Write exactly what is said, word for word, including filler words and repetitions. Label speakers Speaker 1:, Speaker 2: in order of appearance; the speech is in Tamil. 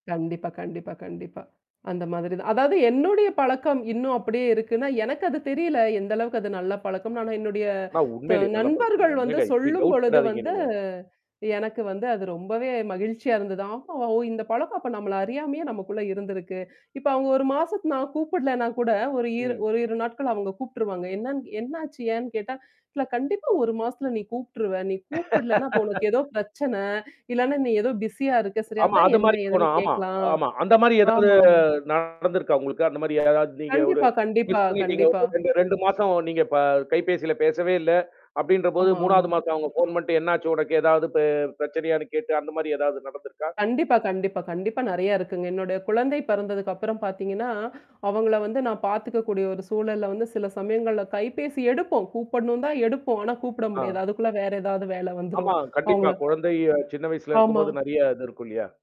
Speaker 1: கண்டிப்பா கண்டிப்பா கண்டிப்பா. அந்த மாதிரி தான். அதாவது என்னுடைய பழக்கம் இன்னும் அப்டியே இருக்குன்னா, எனக்கு அது தெரியல. எந்த அளவுக்கு அது நல்ல பழக்கம்னு ஆனா என்னுடைய
Speaker 2: ஆனா
Speaker 1: த
Speaker 2: உண்மையிலயே நல்ல பழக்க
Speaker 1: நண்பர்கள்
Speaker 2: தாங்க.
Speaker 1: வந்து
Speaker 2: உண்மையிலயே இப்டி டவுட்
Speaker 1: சொல்லும்பொழுது
Speaker 2: படாதீங்க
Speaker 1: வந்து
Speaker 2: நீங்க?
Speaker 1: எனக்கு வந்து அது ரொம்பவே மகிழ்ச்சியா இருந்தது. ஆஹ் ஓ! இந்த பழக்கம் அப்ப நம்மள அறியாமயே நமக்குள்ள இருந்திருக்கு. இப்ப அவுங்க ஒரு மாசத்து நான் கூப்பிடலன்னா கூட ஒரு,
Speaker 2: ம்.
Speaker 1: இரு நாட்கள் அவங்க கூப்ட்டுருவாங்க. என்னன்னு என்னாச்சு ஏன்னு கேட்டா இல்ல கண்டிப்பா ஒரு மாசத்துல நீ கூப்ட்ருவ. நீ கூப்பிடலன்னா, அப்ப உனக்கு ஏதோ பிரச்சனை, இல்லன்னா நீ ஏதோ பிஸியா இருக்க சரி?
Speaker 2: ஆமா
Speaker 1: அதான்
Speaker 2: அது
Speaker 1: என்ன
Speaker 2: மாரி
Speaker 1: எதுன்னு
Speaker 2: போணும் ஆமா,
Speaker 1: கேட்கலாம்.
Speaker 2: ஆமா. அந்த மாரி ஏதாவது
Speaker 1: ஆமாமா.
Speaker 2: நடந்தருக்கா உங்களுக்கு? அந்த மாரி ஏதாவது நீங்க ஒரு
Speaker 1: கண்டிப்பா, கண்டிப்பா,
Speaker 2: மிஸ்
Speaker 1: கண்டிப்பா.
Speaker 2: பண்ணிட்டீங்க.ஒரு ரெண்டு, ரெண்டு மாசம் நீங்க ப கைபேசியில பேசவே இல்ல. அப்டின்றபோது
Speaker 1: ஆமா, ஆமா.
Speaker 2: மூணாவது மாசம் அவங்க ஃபோன் பண்ணிட்டு என்னாச்சு உனக்கு ஏதாவது பெ பிரச்சனையான்னு கேட்டு அந்த மாரி ஏதாவது நடந்திருக்கா?
Speaker 1: கண்டிப்பா, கண்டிப்பா, கண்டிப்பா நெறைய இருக்குங்க. என்னுடைய குழந்தை பிறந்ததுக்கு அப்புறம் பாத்தீங்கன்னா, அவங்கள வந்து நான் பார்த்துக்கக்கூடிய ஒரு சூழல்ல வந்து சில சமயங்கள்ல கைபேசி எடுப்போம். கூப்பிடணும் தான் எடுப்போம். ஆனா கூப்பிட
Speaker 2: ஆ.
Speaker 1: முடியாது. அதுக்குள்ள வேற ஏதாவது வேல
Speaker 2: ஆமா,
Speaker 1: வந்துரும்.
Speaker 2: கண்டிப்பா.
Speaker 1: அவங்கள
Speaker 2: குழந்தை சின்ன வயசுல
Speaker 1: ஆமா.
Speaker 2: இருக்கும்போது நெறைய இது இருக்கும் இல்லையா?